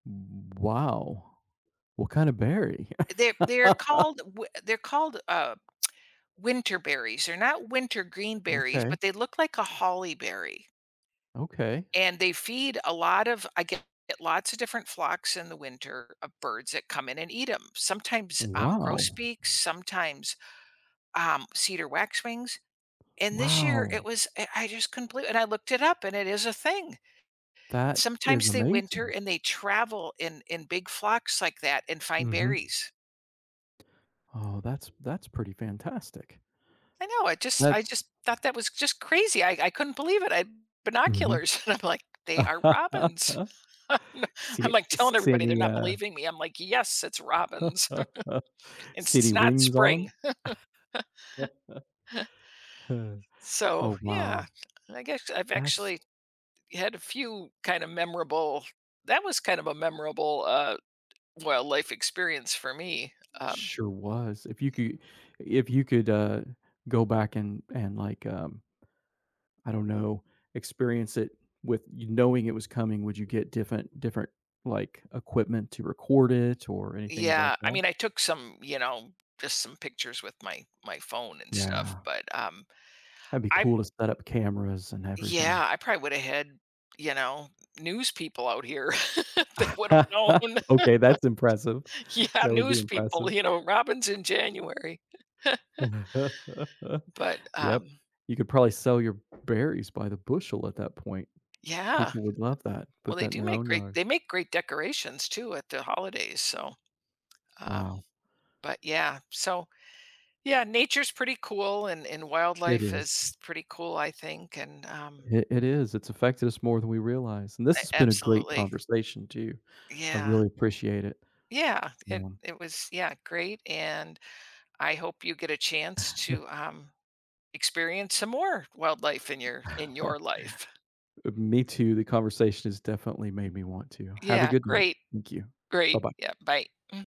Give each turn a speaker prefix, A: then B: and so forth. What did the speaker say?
A: Wo Wow! What kind of berry?
B: They're they're called, w eh they're called, uh, winter berries, they're not wintergreen berries,
A: Okay.
B: but they look like a holly berry
A: Okay.
B: and they feed a lot of I get lots of different flocks in the winter of birds that come in and eat 'em. Sometimes, um,
A: Wow.
B: grosbeaks, sometimes, um, cedar waxwings, and this year it
A: Wow.
B: was, uh, I just couldn't believe i and I looked it up and it is a thing.
A: That is
B: Sometimes they winter
A: amazing.
B: and they travel in in big flocks like that and find
A: Mhm.
B: berries.
A: Oh, that's that's pretty fantastic.
B: I know, I just I
A: That's
B: just thought that was just crazy, I I couldn't believe it, I had
A: Mhm.
B: binoculars. I'm like, "They are robins."
A: See
B: I'm,
A: it
B: like, telling
A: see
B: everybody, they're
A: any
B: not
A: uh
B: believing me, I'm like, "Yes, it's robins," and
A: See any
B: it's not
A: rings on him?
B: spring, so
A: Oh
B: yeah,
A: wow.
B: I guess I've
A: That's
B: actually had a few kinda memorable that was kind of a memorable, uh, well, life experience for me. Um
A: Sure was. If you could if you could, uh, go back and and like, um I don't know, experience it with you knowing it was coming, would you get different different like equipment to record it or anything uh like
B: Yeah, I
A: that?
B: mean, I took some, you know, just some pictures with my my phone and stuff,
A: Yeah.
B: but um,
A: That'd be
B: I
A: cool to set up cameras and everything.
B: Yeah, I probably woulda had, you know, news people out here that would have known.
A: Okay, that's impressive.
B: Yeah,
A: That would be
B: news people,
A: impressive.
B: you know, Robin's in January. But,
A: Yup,
B: um
A: you could probably sell your berries by the bushel at that point.
B: Yeah.
A: People would love that,
B: Well,
A: put
B: they
A: that in
B: do
A: their
B: make
A: own
B: great
A: yard.
B: they make great decorations too at the holidays, so, um
A: Wow.
B: but yeah, so yeah, nature's pretty cool and, and
A: It
B: wildlife
A: is.
B: is pretty cool, I think, and, um
A: It it is it's affected us more than we realize, and this has
B: A
A: been a great
B: absolutely.
A: conversation too. I
B: Yeah.
A: really appreciate it.
B: Yeah, it
A: Yeah.
B: it was yeah, great, and I hope you get a chance to um experience some more wildlife in your in your life.
A: Uh, me too, the conversation has definitely made me want to. Have a
B: Yeah,
A: good night.
B: great.
A: Thank you.
B: Great.
A: Bye-bye.
B: Yeah, bye. Mm